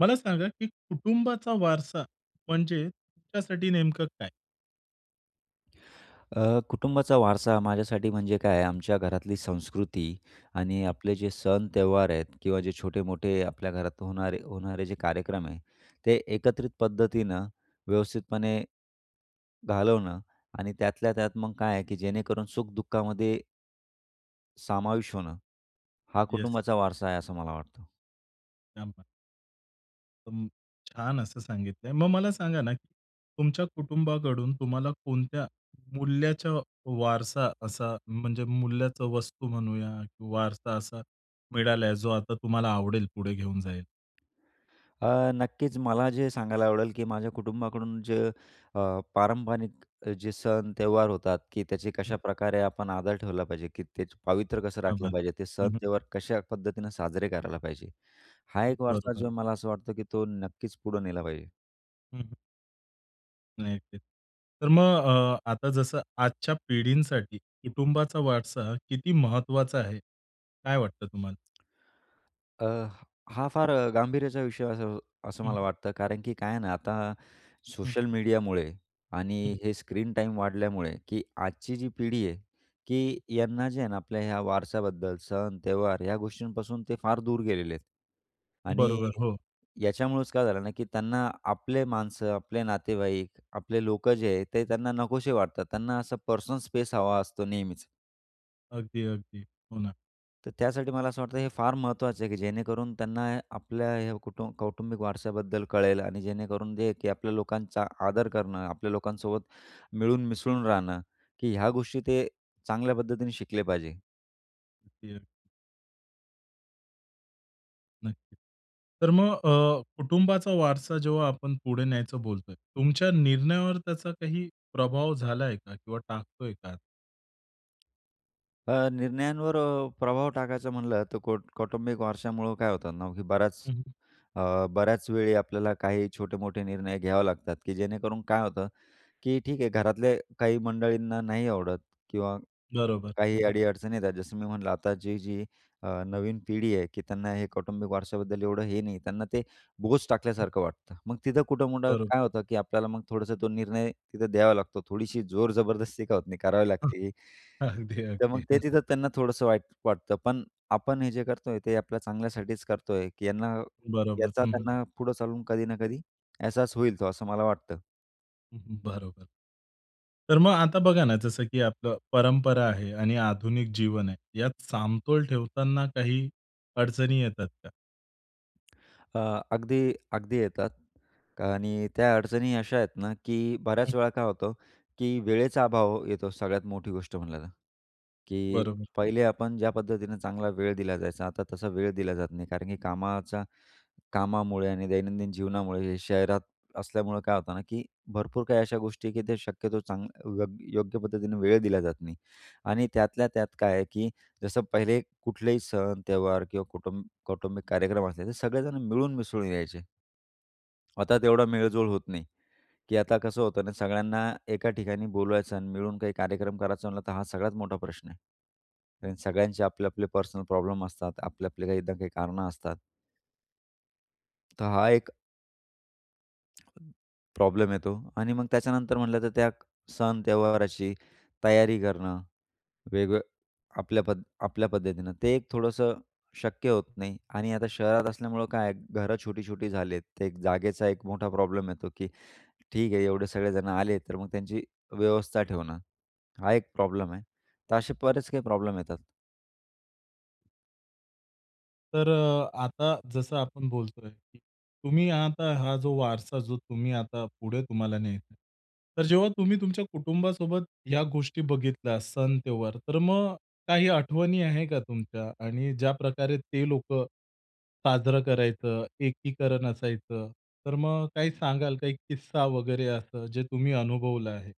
मला सांगा की कुटुंबाचा वारसा म्हणजे तुमच्यासाठी नेमकं काय? अ, कुटुंबाचा वारसा माझ्यासाठी म्हणजे काय आहे? आमच्या घरातली संस्कृती आणि हं. आपले जे सण, त्यौहार आहेत किंवा जे छोटे-मोठे आपल्या घरात होणारे होणारे जे कार्यक्रम आहे ते एकत्रित पद्धतीनं व्यवस्थितपणे घालवणं आणि त्यातल्या त्यात मग काय आहे, की जेणेकरून सुख दुःखामध्ये समाविष्ट होणं, हा येस. कुटुंबाचा वारसा आहे, असं मला वाटतं. क्या बात! अं, छान असं सांगितलंय. मग मला सांगा ना की तुमच्या कुटुंबाकडून तुम्हाला कोणत्या मूल्याच्या वारसा असा म्हणजे मूल्याचा वस्तू म्हणूया किंवा वारसा असा मिळालाय, जो आता तुम्हाला आवडेल पुढे घेऊन जाय अ, नक्कीच मला जे सांगायला आवडेल, की माझ्या कुटुंबाकडून जे अ, पारंपरिक जे सण, त्यौहार होतात, की त्याचे हं. कशाप्रकारे आपण आदर ठेवला पाहिजे, की त्याचं पावित्र्य कसं क्या राखलं बात! पाहिजे? ते सण, हं, हं. त्यौहार कशा पद्धतीनं साजरे करायला पाहिजे? हा हं. एक वारसा बरोबर. जो मला असं वाटतं की तो नक्कीच पुढे नेला पाहिजे. हं, हं. नाही ते. तर मग अ, आता जसं आजच्या पिढींसाठी कुटुंबाचा वारसा किती महत्त्वाचा आहे, काय वाटतं तुम्हाला? अ, हा फार अ, गांभीर्याचा विषय असं असं हं, मला हं. वाटतं. कारण की काय आहे ना, आता हं. सोशल मीडियामुळे आणि हं. हे स्क्रीन टाईम वाढल्यामुळे, की आजची जी पिढी आहे, हं. की यांना जे आहे ना, आपल्या ह्या वारस्याबद्दल, सण, त्यौहार या गोष्टींपासून ते फार दूर गेलेले आहेत आणि बरोबर, हो. याच्यामुळेच काय झालं ना, की त्यांना आपले माणसं, आपले नातेवाईक, आपले लोकं जे आहे ते त्यांना नकोशे वाटतात. त्यांना असा पर्सनल स्पेस हवा असतो नेहमीच. अगदी, अगदी. हो ना. तर त्यासाठी मला असं वाटतंय हे फार महत्त्वाचं आहे, की जेणेकरून त्यांना आपल्या ह्या कुटुंब कौटुंबिक वारसाबद्दल कळेल आणि जेणेकरून जे की आपल्या लोकांचा आदर करणं, आपल्या लोकांसोबत मिळून मिसळून राहणं, की ह्या गोष्टी ते चांगल्या पद्धतीने शिकले पाहिजे. [unintelligible] नक्कीच. तर मग अ, कुटुंबाचा वारसा जेव्हा आपण पुढे न्यायचं बोलतोय, तुमच्या निर्णयावर त्याचा काही प्रभाव झालाय का किंवा टाकतोय का? अ, निर्णयांवर अ, प्रभाव टाकायचा म्हणलं तर कौ कौटुंबिक वारशामुळं काय होतं ना की बऱ्याच हं, हं. अ, बऱ्याचवेळी आपल्याला काही छोटे-मोठे निर्णय घ्यावे लागतात की जेणेकरून काय होतं, की ठीक आहे घरातले काही मंडळींना नाही आवडत किंवा बरोबर, हं. काही हं. अडी-अडचणी येतात जसं मी म्हणलं आता जी-जी अ, नवीन पिढी आहे, की त्यांना हे कौटुंबिक वारशाबद्दल एवढं हे नाही. त्यांना ते बोज हं. टाकल्यासारखं वाटतं. मग तिथं कुठं-कुठं काय बरोबर. होतं, की आपल्याला मग थोडंसं तो निर्णय तिथं द्यावा लागतो. थोडीशी जोर-जबरदस्ती का होत नाही करावी हं. लागते. अगदी, तर मग अगदी ते तिथं त्यांना थोडंसं वाईट वाटतं. पण आपण हे जे करतोय ते आपल्या चांगल्यासाठीचं करतोय की यांना बरोबर, याचा हं, हं. त्यांना पुढे चालून कधी ना कधी एहसास होईल तो, असं मला वाटतं. हं, हं. बरोबर. तर मग आता बघा ना जसं की आपलं परंपरा आहे आणि आधुनिक जीवन आहे, यात समतोल ठेवताना काही अडचणी येतात का? अ, अगदी, अगदी येतात आणि त्या अडचणी अशा आहेत ना, की हं. बऱ्याचवेळा काय होतं? की वेळेचा अभाव येतो सगळ्यात मोठी गोष्ट म्हणलं तर. की बरोबर. पहिले आपण ज्या पद्धतीनं चांगला वेळ दिल्या जायचा, आता तसा वेळ दिल्या जात नाही. कारण की कामाचा कामामुळे आणि दैनंदिन जीवनामुळे हे शहरात असल्यामुळे काय होतं ना, की भरपूर काही अशा गोष्टी आहे की ते शक्यतो चांग यो योग्य पद्धतीनं वेळ दिला जात नाही आणि त्यातल्या त्यात काय आहे, की जसं पहिले कुठलेही सण, त्यौहार किंवा कुटुंब कौटुंबिक कार्यक्रम असले ते सगळेजण मिळून-मिसळून यायचे. आता तेवढा मेळ-जोळ होत नाही, की आता कसं होतं ना, सगळ्यांना एका ठिकाणी बोलवायचं आणि मिळून काही कार्यक्रम करायचं म्हणलं तर हा सगळ्यात मोठा प्रश्न आहे हं. आणि सगळ्यांचे आपले-आपले पर्सनल प्रॉब्लेम असतात, आपले-आपले काही ना काही कारणं असतात. तर हा एक प्रॉब्लेम येतो आणि मग त्याच्यानंतर म्हणलं तर त्या सण, त्यौहाराची तयारी करणं. वेगवे आपल्या पद आपल्या पद्धतीनं. ते एक थोडंसं शक्य होत नाही. आणि आता शहरात असल्यामुळं काय आहे घरं छोटी-छोटी झाली आहेत. ते एक जागेचा एक मोठा प्रॉब्लेम येतो की ठीक आहे एवढे सगळेजण आले, तर मग त्यांची व्यवस्था ठेवणं, हा एक प्रॉब्लेम आहे. तर असे बरेच काही प्रॉब्लेम येतात. तर अ, आता जसं आपण बोलतोय, की तुम्ही आता हा जो वारसा जो तुम्ही आता पुढे तुम्हाला न्यायचा आहे. तर जेव्हा तुम्ही तुमच्या कुटुंबासोबत ह्या गोष्टी बघितल्या सण, त्यौहार, तर मग काही आठवणी आहे का तुमच्या? आणि ज्याप्रकारे ते लोक साजरं करायचं, एकीकरण असायचं, तर मग काही सांगाल का एक किस्सा वगैरे असं, जे तुम्ही अनुभवलं आहे?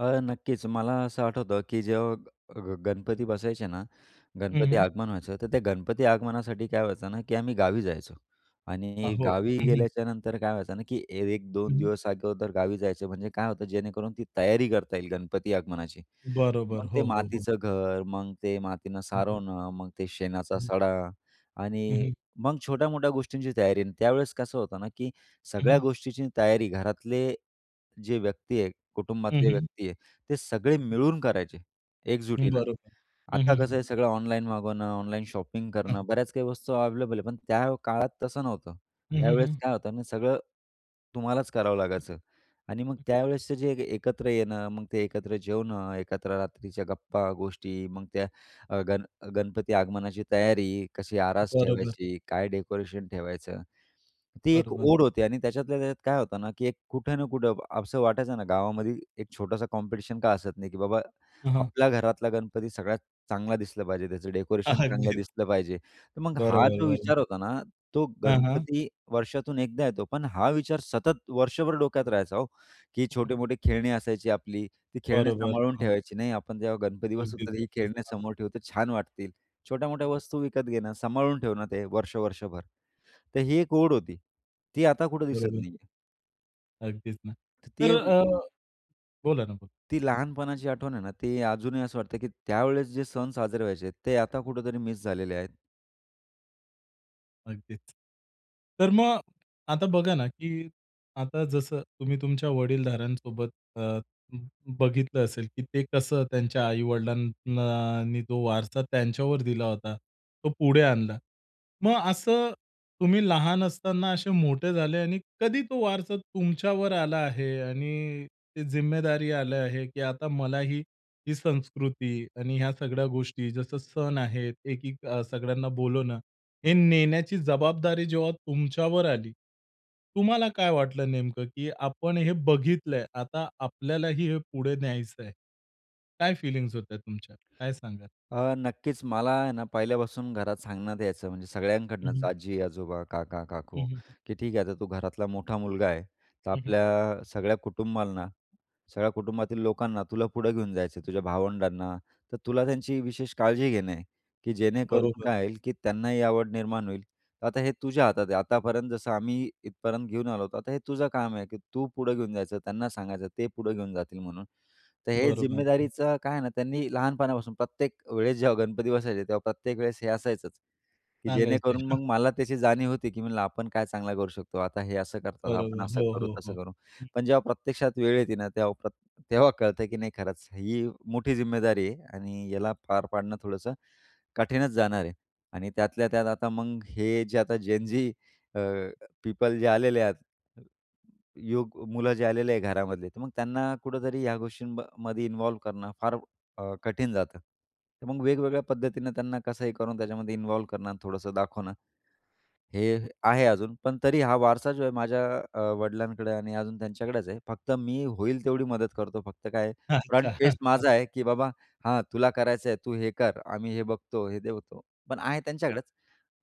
अ, नक्कीच. मला असं आठवतं की जेव्हा ग गणपती बसायचे ना, हं, गणपती हं. आगमन व्हायचं, तर त्या गणपती आगमनासाठी काय व्हायचं ना की आम्ही गावी जायचो आ, आणि हो. गावी हं, हं. गेल्याच्यानंतर काय व्हायचं ना की एक हं, दोन हं. दिवस अगोदर गावी जायचो म्हणजे काय होतं जेणेकरून ती तयारी करता येईल गणपती आगमनाची. बरोबर. मग ते हो, हो, हो. मातीचं घर. मग ते मातीनं हं, हं. सारवणं, मग ते शेणाचा हं. सडा हं, आणि हं. मग छोट्या-मोठ्या गोष्टींची तयारी आणि त्यावेळेस कसं होतं ना की हं, सगळ्या हं. गोष्टीची तयारी घरातले जे व्यक्ती आहे, हं, कुटुंबातले हं. व्यक्ती आहे, ते सगळे हं. मिळून करायचे एकजुटीनं. बरोबर. हं, आता हं, कसं हं. आहे सगळं ऑनलाईन मागवणं, ऑनलाइन शॉपिंग हां. करणं, बऱ्याच काही वस्तू अवेलेबल आहे. पण त्या काळात तसं नव्हतं. हं, हं, त्यावेळेस हं. काय होतं ना सगळं तुम्हालाच करावं हं. लागायचं आणि मग हं. त्यावेळेसचं जे एकत्र येणं, मग ते एकत्र जेवणं, एकत्र रात्रीच्या गप्पा, गोष्टी मग त्या अ, गण गणपती आगमनाची तयारी. कशी आरास बरोबर. ठेवायची? काय डेकोरेशन ठेवायचं? ती एक बरोबर. ओढ होती आणि त्याच्यातल्या त्याच्यात काय होतं ना की एक कुठं ना कुठं असं वाटायचं ना गावामध्ये एक छोटासा कॉम्पिटिशन का असत नाही की बाबा हं, हं. आपल्या घरातला गणपती सगळ्यात चांगला दिसला पाहिजे, त्याचं डेकोरेशन चांगलं अगदीच. दिसलं पाहिजे. तर मग हा बरोबर, जो बरोबर. विचार होता ना, तो हां, हां. गणपती वर्षातून एकदा येतो. पण हा विचार सतत वर्षभर डोक्यात राहायचा, हो. की हं, हं. छोटे-मोठे खेळणी असायची आपली, ती खेळणी बरोबर. सांभाळून हां. ठेवायची, "नाही आपण जेव्हा गणपती बसवू अगदीच, तर ही अगदीच. खेळणे हां. समोर ठेवली तर छान वाटतील." छोट्या-मोठ्या हं. वस्तू विकत घेणं, सांभाळून ठेवणं ते वर्ष-वर्षभर तर ही एक ओढ होती, ती आता कुठे दिसत बरोबर. नाहीये. अगदीच ना. तर तर ते अ, बोला ना बोला. ती लहानपणाची आठवण आहे ना, ती अजूनही असं वाटतं, की त्यावेळेस जे सण साजरे व्हायचे, ते आता कुठेतरी मिस झालेले आहेत. अगदीच. तर मग, आता बघा ना, की आता जसं तुम्ही तुमच्या वडीलधाऱ्यांसोबत अ, ब बघितलं असेल, की ते कसं त्यांच्या आई-वडिलांना नी तो वारसा त्यांच्यावर दिला होता, तो पुढे आणला. मग असं तुम्ही लहान असताना असे मोठे झाले आणि कधी तो वारसा तुमच्यावर आला आहे आणि ते जिम्मेदारी आले आहे, की आता मलाही ही संस्कृती आणि ह्या सगळ्या गोष्टी जसं सण आहेत एकीक सगळ्यांना बोलवणं हे नेण्याची जबाबदारी जेव्हा तुमच्यावर आली, तुम्हाला काय वाटलं नेमकं, की आपण हे बघितलंय, आता आपल्यालाही हे पुढे न्यायचं आहे. काय फीलिंग्स होत्या तुमच्या, काय सांगाल? अ, नक्कीच मला आहे ना, पहिल्यापासून घरात सांगण्यात यायचं, म्हणजे हं, सगळ्यांकडनंच, हं. आजी-आजोबा, हं, काका-काकू, हं, हं. की ठीक आहे, आता तू घरातला मोठा मुलगा आहे. तर हं, हं. आपल्या सगळ्या कुटुंबाला, सगळ्या कुटुंबातील लोकांना तुला पुढं घेऊन जायचं आहे, तुझ्या भावंडांना. तर तुला त्यांची विशेष काळजी घेणं आहे की जेणेकरून बरोबर. काय होईल, की त्यांनाही आवड निर्माण होईल. आता हे तुझ्या हातात आहे. आतापर्यंत जसं आम्ही इथपर्यंत घेऊन आलो होतो, आता हे तुझं काम आहे, की तू पुढं घेऊन जायचं, त्यांना सांगायचं, ते पुढं घेऊन जातील म्हणून. तर हे बरोबर, हं. जिम्मेदारीचं काय आहे ना, त्यांनी लहानपणापासून प्रत्येक वेळेस जेव्हा गणपती बसायचे, तेव्हा प्रत्येक वेळेस हे असायचंच, की सांगायचे. जेणेकरून हां. मग मला त्याची जाणीव होती, की म्हणलं आपण काय चांगलं करू शकतो, आता हे असं करतात, आपण बरोबर. असं हो, करू, हो, तसं हो. करू. हं. पण जेव्हा प्रत्यक्षात वेळ येते ना, तेव्हा प्र तेव्हा कळतं की नाही, खरंच ही मोठी जिम्मेदारी आहे आणि याला पार पाडणं थोडंसं कठीणच जाणार आहे. आणि त्यातल्या त्यात आता मग हे जे आता जेन-झी, अ, पीपल जे आलेले आहेत, युवक मुलं जे आलेले आहे घरामध्ये, तर मग त्यांना कुठेतरी ह्या गोष्टींमध्ये इन्व्हॉल्व्ह करणं फार अ, कठीण जातं. तर मग वेगवेगळ्या पद्धतीनं त्यांना कसंही करून त्याच्यामध्ये इन्व्हॉल्व्ह करणं, थोडंसं दाखवणं, हे आहे अजून, पण तरी हा वारसा जो आहे माझ्या अ, वडिलांकडे आणि अजून त्यांच्याकडेच आहे. फक्त मी होईल तेवढी मदत करतो. फक्त काय आहे? फ्रंट अच्छा. फेस माझा आहे, की "बाबा, हा तुला करायचंय, तू हे कर. आम्ही हे बघतो, हे देतो", पण आहे हो. त्यांच्याकडेच.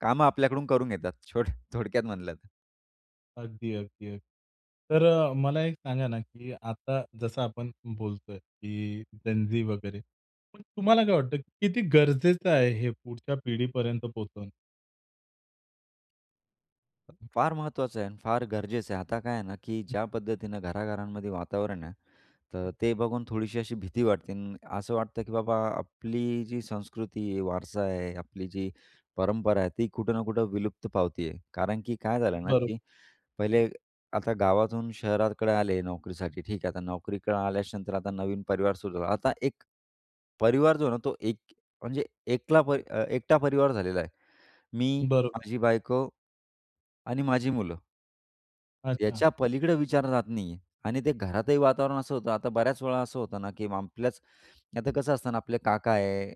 कामं आपल्याकडून करून घेतात छो थोडक्यात म्हणलं तर. अगदी, अगदी, अगदी. तर अ, मला एक सांगा ना, की आता जसं आपण बोलतोय की जेन झी वगैरे पण तुम्हाला काय वाटतं किती गरजेचं आहे हे पुढच्या पिढीपर्यंत पोहोचवणं? हं. फार महत्त्वाचं आहे अन फार गरजेचं आहे. आता काय आहे ना, की हं. ज्या पद्धतीनं घराघरांमध्ये वातावरण आहे, तर हं. ते बघून थोडीशी अशी भीती वाटते अ, आणि असं वाटतं, की बाबा आपली जी संस्कृती आहे, वारसा आहे, आपली जी हं. परंपरा आहे, ती कुठं ना कुठं विलुप्त पावती आहे. कारण की काय झालं ना, बरोब की हं. पहिले आता गावातून शहराकडे आले नोकरीसाठी. ठीक आहे. आता नोकरीकडे आल्याच्या नंतर, आता नवीन परिवार सुरू झाला. आता एक परिवार जो आहे ना, तो एक म्हणजे एकला प अ, एकटा परिवार झालेला आहे. मी, बरोबर. माझी बायको आणि माझी मुलं. अच्छा. याच्या पलीकडे विचारणा जात नाहीये आणि ते घरातही वातावरण असं होतं. आता बऱ्याच वेळा असं होतं ना, की आपल्याच आता कसं असतं ना, आपले काका आहे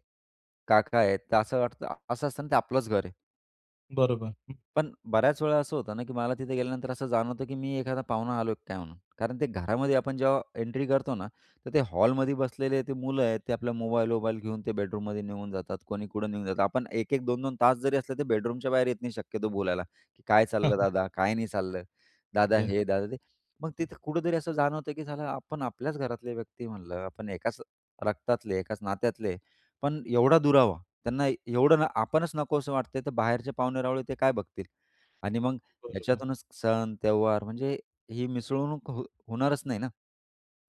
काका आहे तर असं वाटतं असं असतं ना, ते आपलंच घर आहे. बरोबर. हं. पण, बऱ्याच वेळा असं होतं ना, की मला तिथे गेल्यानंतर असं जाणवतं, की मी एखादा पाहुणा आलोय की काय म्हणून? कारण ते घरामध्ये आपण जेव्हा एंट्री करतो ना, तर ते हॉलमध्ये बसलेले ते मुलं आहेत, ते आपल्या मोबाईल-वोबाईल घेऊन ते बेडरूममध्ये निघून जातात. कोणी कुठं निघून जातात. आपण 1-1 2-2 तास जरी असले ते बेडरूमच्या बाहेर येत नाही शक्यतो बोलायला, की "काय चाललं दादा, काय नाही चाललं, दादा येस. हे, दादा ते." मग हं. तिथं कुठेतरी असं जाणवतं, की साला आपण आपल्याच घरातले व्यक्ती म्हणलं, आपण एकाच रक्तातले, एकाच नात्यातले पण एवढा दुरावा, त्यांना एवढं न आपणच नको असं वाटतंय तर बाहेरचे पाहुणे-रावळे ते काय बघतील? आणि मग बरोबर. याच्यातूनच सण, त्यौहार म्हणजे ही मिसळणूक हो होणारच नाही ना?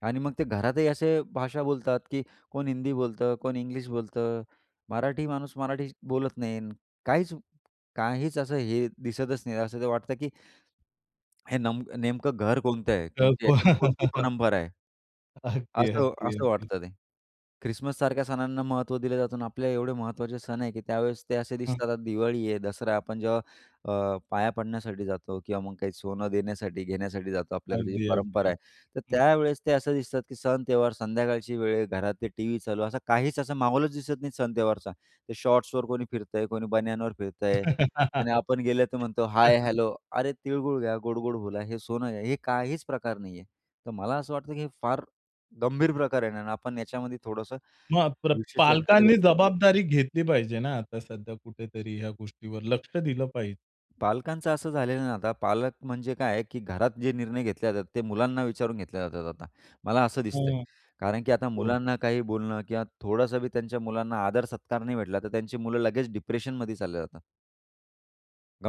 आणि मग ते घरातही असे भाषा बोलतात की कोण हिंदी बोलतं, कोण इंग्लिश बोलतं, मराठी माणूस मराठी बोलत नाही, काहीच काहीच असं हे दिसतच नाही. असं वाटतं की हे नमक नेमकं घर कोणतं आहे? कारण की करतो. त्याच्यात कोणती परंपरा आहे? अगदी, असं अगदी, असं अगदी. वाटतं ते. ख्रिसमससारख्या सणांना महत्त्व दिलं जातं आणि आपल्या एवढे महत्त्वाचे सण आहे, की त्यावेळेस ते असे हां. दिसतात. दिवाळी आहे, दसरा आहे, आपण जेव्हा अ, पाया पडण्यासाठी जातो किंवा मग काही सोनं देण्यासाठी, घेण्यासाठी जातो आपल्याकडे जी अगदी, अगदी, परंपरा आहे. तर अगदी. हं. त्यावेळी ते असं दिसतात की सण, त्यौहार संध्याकाळची वेळ आहे, घरात ते टीव्ही चालू. असं काहीच असं महोलच दिसत नाही सण त्यौहारचा. ते शॉर्ट्सवर कोणी फिरत आहे, कोणी बनियानवर फिरत आहे आणि आपण गेलं तर म्हणतो हाय, हेलो. अरे, "तिळगूळ घ्या गोड-गोड बोला, हे सोनं घ्या." हे काहीच प्रकार नाहीये. तर मला असं वाटतं की हे फार गंभीर प्रकार आहे आणि आपण याच्यामध्ये थोडंसं मग, प्र विशेष लक्ष दिलं पालकांनी पाहिजे. जबाबदारी घेतली पाहिजे ना, आता सध्या कुठेतरी ह्या गोष्टीवर लक्ष दिलं पाहिजे. पालकांचं असं झालेलं आहे ना, आता पालक म्हणजे काय आहे, की घरात जे निर्णय घेतल्या जातात ते मुलांना विचारून घेतल्या जातात आता, मला असं दिसतंय. हां. कारण की आता हो. मुलांना काही बोलणं किंवा थोडंसं बी त्यांच्या मुलांना आदर सत्कार नाही भेटला तर त्यांची मुलं लगेच डिप्रेशनमध्ये चालल्या जातात.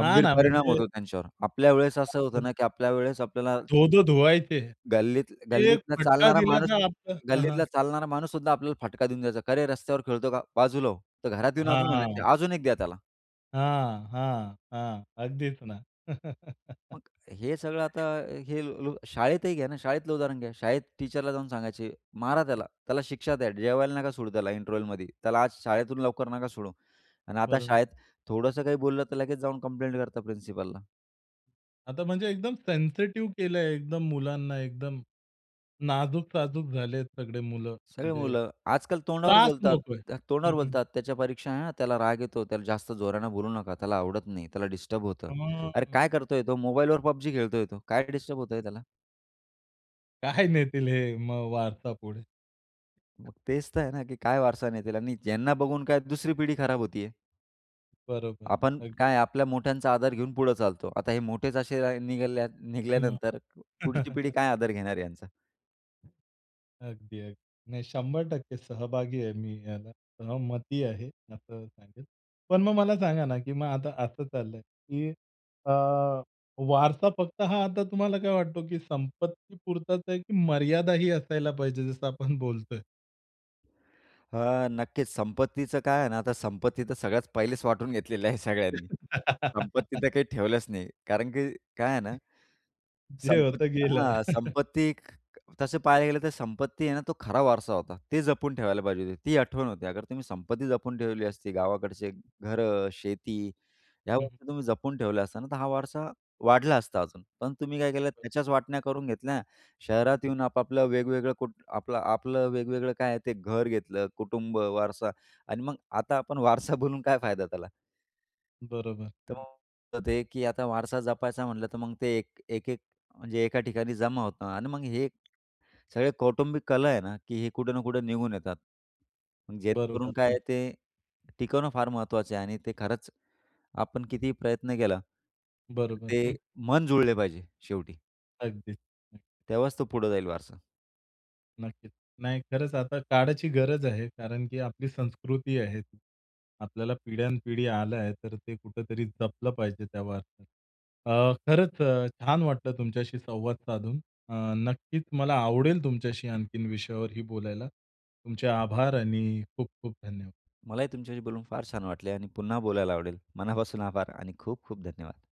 हां ना परिणाम म्हणजे होतो त्यांच्यावर. आपल्यावेळेस असं होतं बापरे. ना की आपल्यावेळेस आपल्याला, धो-धो धुवायचे. गल्लीत एक गल्लीतला फटका चालणारा दिला माणूस तर आपलं हां, गल्लीतला हां. चालणारा माणूससुद्धा आपल्याला फटका देऊन द्यायचा. "काय रे रस्त्यावर खेळतो का? बाजूला हो." तर घरात येऊन अजून म्हणायचे, हां. "अजून एक द्या त्याला." हां, हां, हां. अगदीच ना. मग हे सगळं आता हे ल् शाळेतही घ्या ना शाळेतलं उदाहरण घ्या, शाळेत टीचरला जाऊन सांगायचे, "मारा त्याला. त्याला शिक्षा द्या. जेवायला नका सोडू त्याला इंटरवलमध्ये, त्याला आज शाळेतून लवकर नका सोडू." आणि आता बरोबर. शाळेत थोडंसं काही बोललं तर लगेच जाऊन कंप्लेंट करतात प्रिन्सिपलला. आता म्हणजे एकदम सेन्सिटिव्ह केलंय एकदम मुलांना एकदम नाजूक-साजूक झालेत सगळे मुलं सगळी म्हणजे, मुलं आजकाल तोंडावर त्रास बोलतात, नकोय. अक हं, तोंडावर हं. बोलतात, "त्याच्या परीक्षा आहे ना, त्याला राग येतो, त्याला जास्त जोराने बोलू नका, त्याला आवडत नाही, त्याला डिस्टर्ब होतं." हां. अरे काय मग करतोय तो मोबाईलवर PUBG खेळतोय तो, काय डिस्टर्ब होतंय त्याला? काय नेतील हे मग वारसा पुढे? मग तेच तर आहे ना की काय वारसा नेतील? आणि ज्यांना बघून काय दुसरी पिढी खराब होतीये. बरोबर, आपण काय अगदी. आहे? आपल्या मोठ्यांचा आदर घेऊन पुढे चालतो. आता हे मोठेच असे राह निघाल्या मग? निघल्यानंतर पुढची पिढी काय आदर घेणार आहे यांचा? अगदी, अगदी. नाही 100% सहभागी आहे, मी याला सहमती आहे, असं सांगेल. पण मग मला सांगा ना, की मग आता असं चाललंय की अ, वारसा फक्त हा आता तुम्हाला काय वाटतो की संपत्तीपुरताच आहे की मर्यादाही असायला पाहिजे, जसं आपण बोलतोय? हां, नक्कीच. संपत्तीचं काय आहे ना, आता संपत्ती तर सगळ्यात पहिलेच वाटून घेतलेल्या आहे सगळ्यांनी. संपत्ती तर काही ठेवलंच नाही कारण की काय आहे ना, जे होतं संपत्ती गेलं. हां, संपत्ती ख तसं पाहायला गेलं तर संपत्ती आहे ना तो खरा वारसा होता. ती जपून ठेवायला पाहिजे होती, ती आठवण होती. अगर तुम्ही संपत्ती जपून ठेवली असती, गावाकडचे घरं, शेती ह्या हं, हं. गोष्टी तुम्ही जपून ठेवल्या असत्या ना, तर हा वारसा वाढला असता अजून. पण तुम्ही काय केलं? हो. त्याच्याच वाटण्या करून घेतल्या. शहरात हं, हं. येऊन आपापलं वेगवेगळं कुटुं आपलं-आपलं वेगवेगळं काय आहे ते घर घेतलं. कुटुंब वारसा आणि मग आता आपण वारसा बोलून काय फायदा त्याला? बरोबर, हं. [unintelligible] तर ते की आता वारसा जपायचा म्हटलं तर मग ते एक एक-एक म्हणजे एका ठिकाणी जमा होतं आणि मग हे एक सगळे कौटुंबिक कलह आहे ना, की हे कुठे ना कुठे निघून येतात. बरोबर, जेणेकरून काय हं. आहे ते टिकवणं फार महत्त्वाचं आहे आणि ते खरंच आपण कितीही प्रयत्न केला. बरोबर, ते हं. मन जुळले पाहिजे शेवटी. अगदीच. हं. तेव्हाच तो पुढे जाईल वारसा. नक्कीच. नाही खरंच आता काळाची गरज आहे. कारण की आपली संस्कृती आहेत, आपल्याला पिढ्यान पिढी आलं आहे. तर ते कुठेतरी जपलं पाहिजे त्या बाबतीत. अ, खरंच अ, छान वाटलं तुमच्याशी संवाद साधून अ, नक्कीच मला आवडेल तुमच्याशी आणखीन विषयावरही बोलायला. तुमचे आभार आणि खूप-खूप धन्यवाद! मलाही तुमच्याशी बोलून फार छान वाटले आणि पुन्हा बोलायला आवडेल. मनापासून आभार आणि खूप-खूप धन्यवाद!